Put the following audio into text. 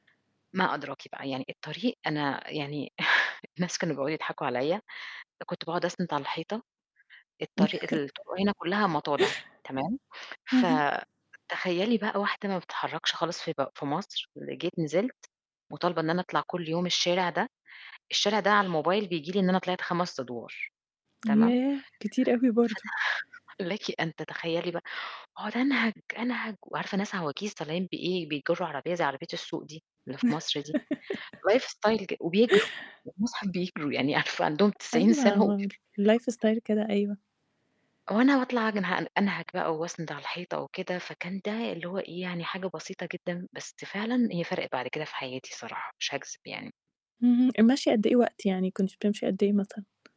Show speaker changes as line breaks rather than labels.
ما أدراكِ بقى، يعني الطريق أنا يعني الناس كانوا بيقعُدوا يضحكوا عليّا، كنت باقعُد أسنِد على الحيطة، الطريق الطُرُق هنا كُلّها مَطالِع، تمام،
اهم.
فتخيّلي بقى واحدة ما بتتحّركش خالص في ب في مصر، ر جيت نزلْت مُطالبة إن أنا أطلع كل يوم الشارع ده، الشارع ده على الموبايل بييجي لي إن أنا طلعت 5 أدوار، تمام؟
ياه! كتير أوي برضه.
فته لكِ أن تتخيّلي بقى وأقعُد أنهَج، أنهَج وعارفة ناس عواجيز طالعين بإيه، بيجُرّوا عربية زي عربية السوق دي اللي في مصر دي، life style ج وبيجروا والمصحف بيجْروا، يعني عارفة عندهم 90
أيوه،
سَنة، وبي
هو الlife style كده، أيوه.
وأنا باطلع أنهَج- أنهَج بقى وأسنِد على الحيطة وكده، فكان ده اللي هو إيه، يعني حاجة بسيطة جدًا، بس فعلًا هي فرقِت بعد كده في حياتي الصراحة، مش هاكذب يعني.
اهم، المشي قد إيه وقت، يعني كنتِ بتمشي قد إيه مثلًا؟